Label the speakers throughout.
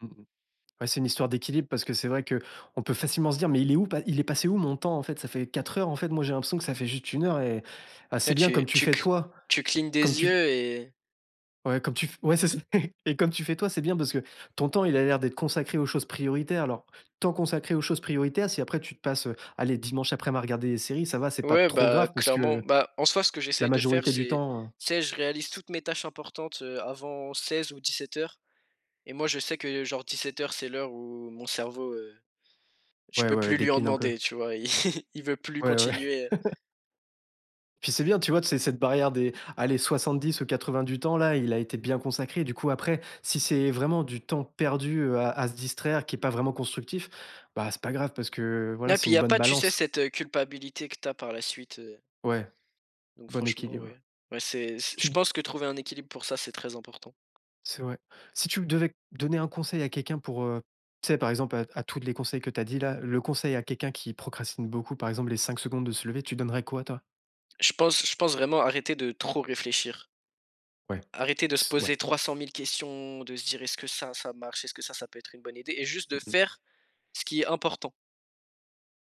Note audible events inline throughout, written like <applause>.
Speaker 1: Mmh mh. Bah, c'est une histoire d'équilibre parce que c'est vrai qu'on peut facilement se dire: «Mais il est où pa il est passé où mon temps, en fait, ça fait 4 heures, en fait, moi j'ai l'impression que ça fait juste 1 heure» et ah, c'est
Speaker 2: Ah,
Speaker 1: bien
Speaker 2: tu
Speaker 1: comme tu
Speaker 2: tu c
Speaker 1: fais, toi,
Speaker 2: tu clignes
Speaker 1: comme
Speaker 2: des
Speaker 1: tu
Speaker 2: yeux, et
Speaker 1: Ouais, comme tu f ouais, c'est c <chuckles> et comme tu fais, toi, c'est bien parce que ton temps, il a l'air d'être consacré aux choses prioritaires. Alors, temps consacré aux choses prioritaires, si après, tu te passes, heu, allez, dimanche aprem, à regarder des séries, ça va, c'est pas
Speaker 2: Ouais,
Speaker 1: trop
Speaker 2: bah,
Speaker 1: grave parce
Speaker 2: clairement.
Speaker 1: que,
Speaker 2: Bah, en soi, ce que
Speaker 1: la
Speaker 2: j'essaye de faire,
Speaker 1: majorité du
Speaker 2: c'est,
Speaker 1: temps, heu
Speaker 2: tu sais, je réalise
Speaker 1: C
Speaker 2: toutes mes tâches importantes, heu, avant 16 ou 17:00 et moi, je sais que, genre, 17:00, c'est l'heure où mon cerveau, heu, je
Speaker 1: Ouais,
Speaker 2: peux
Speaker 1: ouais,
Speaker 2: plus lui en
Speaker 1: décline un peu.
Speaker 2: demander, tu vois? Il il veut plus
Speaker 1: Ouais, ouais.
Speaker 2: continuer, heu
Speaker 1: <chuckles> Puis, c'est bien, tu vois, tu sais, cette barrière des, allez, 70 ou 80 du temps-là, il a été bien consacré. Du coup, après, si c'est vraiment du temps perdu, heu, à à se distraire, qui est pas vraiment constructif, bah, c'est pas grave, parce que, voilà,
Speaker 2: Ah, puis,
Speaker 1: c'est
Speaker 2: il y
Speaker 1: une
Speaker 2: a
Speaker 1: bonne
Speaker 2: pas, tu sais,
Speaker 1: balance.
Speaker 2: cette, heu, culpabilité que tu as, par la suite, heu
Speaker 1: Ouais,
Speaker 2: donc
Speaker 1: bon
Speaker 2: franchement, oui.
Speaker 1: équilibre.
Speaker 2: Bah, c'est c c'est je
Speaker 1: Tu
Speaker 2: pense que trouver un équilibre pour ça, c'est très important.
Speaker 1: C'est vrai. Si tu m devais donner un conseil à quelqu'un, pour, heu, tu sais, par exemple, à à tous les conseils que tu as dits, là, le conseil à quelqu'un qui procrastine beaucoup, par exemple, les 5 secondes de se lever, tu donnerais quoi, toi?
Speaker 2: Je pense je pense vraiment arrêter de trop réfléchir.
Speaker 1: Ouais,
Speaker 2: Arrêter de se
Speaker 1: c ouais.
Speaker 2: poser 300 000 questions, de se dire: «Est-ce que ça, ça marche? Est-ce que ça, ça peut être une bonne idée?» et juste de
Speaker 1: Mmh mh.
Speaker 2: faire ce qui est important.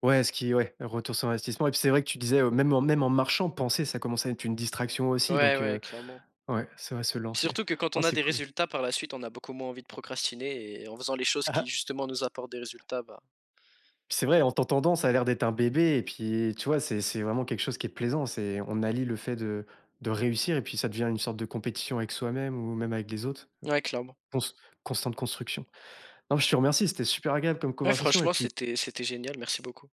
Speaker 1: Ouais, ce qui ouais, le retour sur investissement et puis, c'est vrai que tu disais: «Heu, même en même en marchant, penser, ça commençait à être une distraction aussi»
Speaker 2: Ouais,
Speaker 1: donc
Speaker 2: ouais,
Speaker 1: heu,
Speaker 2: clairement.
Speaker 1: ouais, c'est vrai, se lancer.
Speaker 2: Surtout que, quand
Speaker 1: Oh,
Speaker 2: on a
Speaker 1: c'est
Speaker 2: des
Speaker 1: cool.
Speaker 2: résultats, par la suite, on a beaucoup moins envie de procrastiner, et en faisant les choses qui,
Speaker 1: <chuckles>
Speaker 2: justement, nous apportent des résultats, bah
Speaker 1: C'est vrai, en t'entendant, ça a l'air d'être un bébé, et puis, tu vois, c'est c'est vraiment quelque chose qui est plaisant. C'est: on allie le fait de de réussir, et puis, ça devient une sorte de compétition avec soi-même, ou même avec des autres, mmh,
Speaker 2: Ouais, clairement.
Speaker 1: cons constante construction. Non, mais je te remercie, c'était super agréable comme
Speaker 2: Ouais.
Speaker 1: conversation, et
Speaker 2: Franchement,
Speaker 1: puis
Speaker 2: c'était c'était génial. Merci beaucoup.